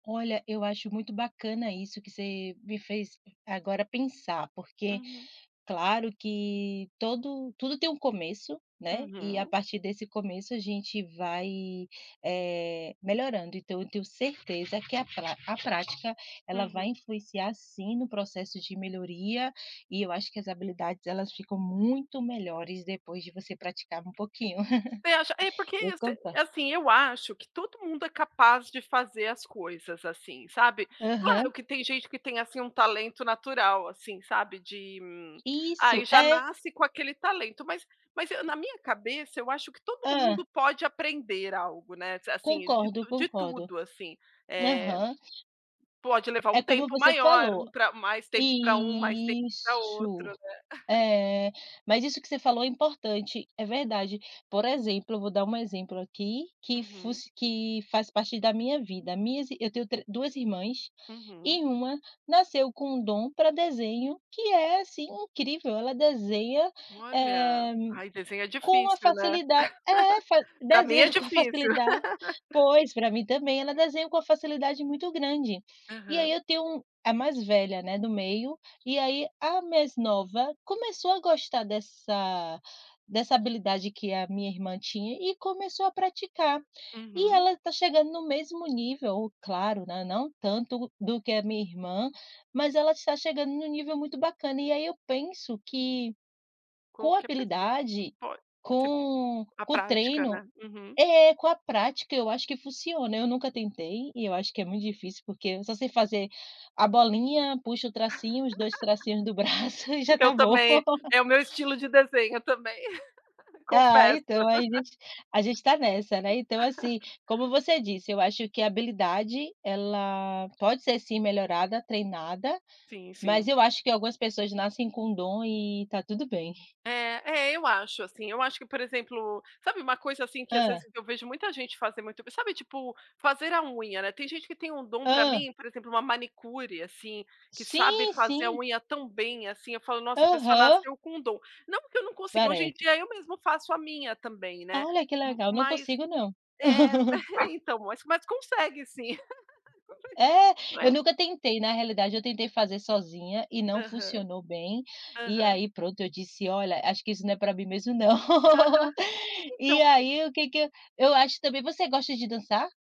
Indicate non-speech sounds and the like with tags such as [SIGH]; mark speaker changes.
Speaker 1: Olha, eu acho muito bacana isso que você me fez agora pensar porque,
Speaker 2: Uhum.
Speaker 1: claro que todo tudo tem um começo, né, e a
Speaker 2: Uhum.
Speaker 1: partir desse começo a gente vai, eh, melhorando então eu tenho certeza que a a prática ela vai
Speaker 2: Uhum.
Speaker 1: influenciar sim no processo de melhoria, e eu acho que as habilidades elas ficam muito melhores depois de você praticar um pouquinho.
Speaker 2: Você acha é porque,
Speaker 1: [LAUGHS] Vou contar.
Speaker 2: assim eu acho que todo mundo é capaz de fazer as coisas assim, sabe. Claro
Speaker 1: Aham.
Speaker 2: que tem gente que tem, assim, um talento natural assim, sabe de
Speaker 1: Isso,
Speaker 2: ai já
Speaker 1: é.
Speaker 2: nasce com aquele talento mas mas na minha cabeça eu acho que todo
Speaker 1: Hã.
Speaker 2: mundo pode aprender algo, né, assim de
Speaker 1: Concordo,
Speaker 2: de
Speaker 1: concordo.
Speaker 2: tudo, assim, eh,
Speaker 1: Aham.
Speaker 2: pode levar um
Speaker 1: É como
Speaker 2: tempo
Speaker 1: você
Speaker 2: maior,
Speaker 1: falou.
Speaker 2: um para mais tempo para outro,
Speaker 1: Isso,
Speaker 2: né. [CHUCKLES]
Speaker 1: é mas isso que você falou é importante, é verdade. Por exemplo vou dar um exemplo aqui, que
Speaker 2: Uhum.
Speaker 1: fosse que faz parte da minha vida, minhas eu tenho tre 2 irmãs,
Speaker 2: Uhum.
Speaker 1: e uma nasceu com dom para desenho, que é assim incrível, ela desenha,
Speaker 2: Olha,
Speaker 1: eh,
Speaker 2: ai desenho é
Speaker 1: com a
Speaker 2: difícil né.
Speaker 1: facilidade é fa
Speaker 2: [LAUGHS] Para mim é
Speaker 1: desenha com a
Speaker 2: difícil.
Speaker 1: facilidade,
Speaker 2: [LAUGHS]
Speaker 1: pois, para mim também, ela desenha muito grande. E aí
Speaker 2: Aham.
Speaker 1: eu tenho a mais velha não é do meio, e aí a mais nova começou a gostar dessa dessa habilidade que a minha irmã tinha e começou a praticar. E
Speaker 2: Uhum.
Speaker 1: ela está chegando no mesmo nível, claro, né, não tanto do que a minha irmã, mas ela está chegando em um nível muito bacana e aí eu penso que, com
Speaker 2: Qualquer pessoa
Speaker 1: habilidade,
Speaker 2: pode você
Speaker 1: com
Speaker 2: a
Speaker 1: com
Speaker 2: prática,
Speaker 1: treino
Speaker 2: né. Uhum.
Speaker 1: é, com a prática eu acho que funciona, eu nunca tentei, e eu acho que é muito difícil porque eu só sei fazer a bolinha, puxa o tracinho, os dois tracinhos do braço e já
Speaker 2: [LAUGHS] Eu
Speaker 1: está bom.
Speaker 2: também,
Speaker 1: [LAUGHS]
Speaker 2: é o meu estilo de desenho também, [LAUGHS]
Speaker 1: Ah
Speaker 2: confesso.
Speaker 1: então a gente a gente está nessa, né, então assim,
Speaker 2: [LAUGHS]
Speaker 1: como você disse, eu acho que a habilidade ela pode ser sim melhorada, treinada,
Speaker 2: Sim,
Speaker 1: mas
Speaker 2: sim.
Speaker 1: eu acho que algumas pessoas nascem com dom e está tudo bem.
Speaker 2: É, é eu acho assim, eu acho que por exemplo, sabe uma coisa assim que às vezes
Speaker 1: Hã.
Speaker 2: eu vejo muita gente fazer muito bem, sabe tipo, fazer a unha, né. Tem gente que tem um dom para
Speaker 1: Hã.
Speaker 2: mim, exemplo uma manicure assim, que sabe
Speaker 1: Sim,
Speaker 2: fazer a
Speaker 1: sim.
Speaker 2: unha tão bem assim, falo: "Nossa, a pessoa
Speaker 1: Aham.
Speaker 2: nasceu com um dom". Não porque eu não consigo, hoje
Speaker 1: Bareto.
Speaker 2: em dia eu mesmo faço a minha também, né.
Speaker 1: Olha que legal, não
Speaker 2: Mas
Speaker 1: consigo não.
Speaker 2: é,
Speaker 1: [LAUGHS]
Speaker 2: então, mas consegue sim. [LAUGHS]
Speaker 1: É,
Speaker 2: Não é?
Speaker 1: eu nunca tentei na realidade eu tentei fazer sozinha e não
Speaker 2: Aham.
Speaker 1: funcionou bem, e
Speaker 2: Aham.
Speaker 1: aí pronto eu disse: "Olha acho que isso não é para mim mesmo, não".
Speaker 2: Aham.
Speaker 1: [LAUGHS]
Speaker 2: Então
Speaker 1: E aí o que que eu eu acho também você gosta de dançar?